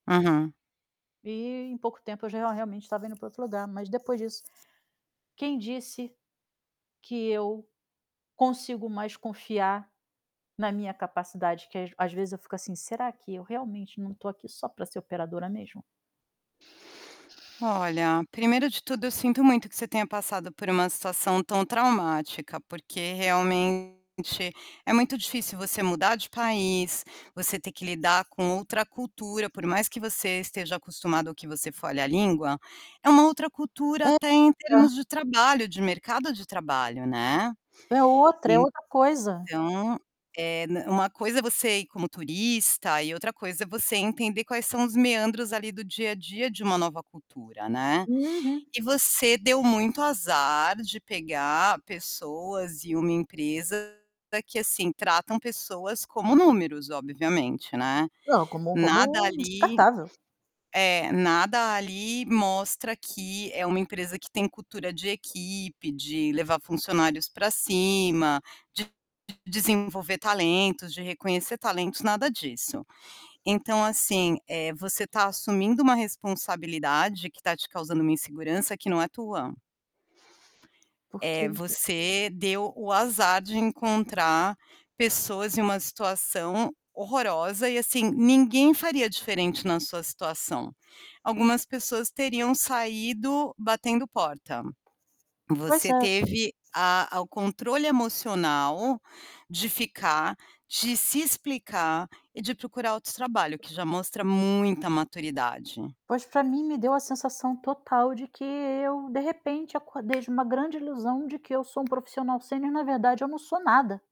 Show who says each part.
Speaker 1: Aham.
Speaker 2: E em pouco tempo eu já já realmente estava indo para outro lugar, mas depois disso, quem disse que eu consigo mais confiar na minha capacidade? Que às às vezes eu fico assim: "Será que eu realmente não tô aqui só pra ser operadora mesmo?".
Speaker 1: Olha, primeiro de tudo, eu sinto muito que você tenha passado por uma situação tão traumática porque, realmente, é muito difícil você mudar de país, você ter que lidar com outra cultura. Por mais que você esteja acostumado ou que você fale a língua, é uma outra cultura
Speaker 2: É, é
Speaker 1: até em termos de trabalho, de mercado de trabalho, né,
Speaker 2: é outra é outra coisa.
Speaker 1: então, eh, né, uma coisa é você ir como turista e outra coisa é você entender quais são os meandros ali, do dia a dia de uma nova cultura, né.
Speaker 2: Uhum.
Speaker 1: E você deu muito azar de pegar pessoas e uma empresa tá que assim, tratam pessoas como números, obviamente, né,
Speaker 2: Não, como
Speaker 1: nada
Speaker 2: como
Speaker 1: ali
Speaker 2: descartável.
Speaker 1: É, nada ali mostra que é uma empresa que tem cultura de equipe, de levar funcionários pra cima, de desenvolver talentos, de reconhecer talentos, nada disso. Então, assim, eh, você tá assumindo uma responsabilidade que tá te causando uma insegurança que não é tua.
Speaker 2: Por quê?
Speaker 1: Eh, você deu o azar de encontrar pessoas em uma situação horrorosa e, assim, ninguém faria diferente na sua situação. Algumas pessoas teriam saído batendo porta.
Speaker 2: Pois
Speaker 1: Você
Speaker 2: é.
Speaker 1: teve a a o controle emocional de ficar, de se explicar e de procurar outro trabalho, o que já mostra muita maturidade.
Speaker 2: Pois pra mim, me deu a sensação total de que eu, de repente, acordei de uma grande ilusão, de que eu sou um profissional sênior; na verdade, eu não sou nada.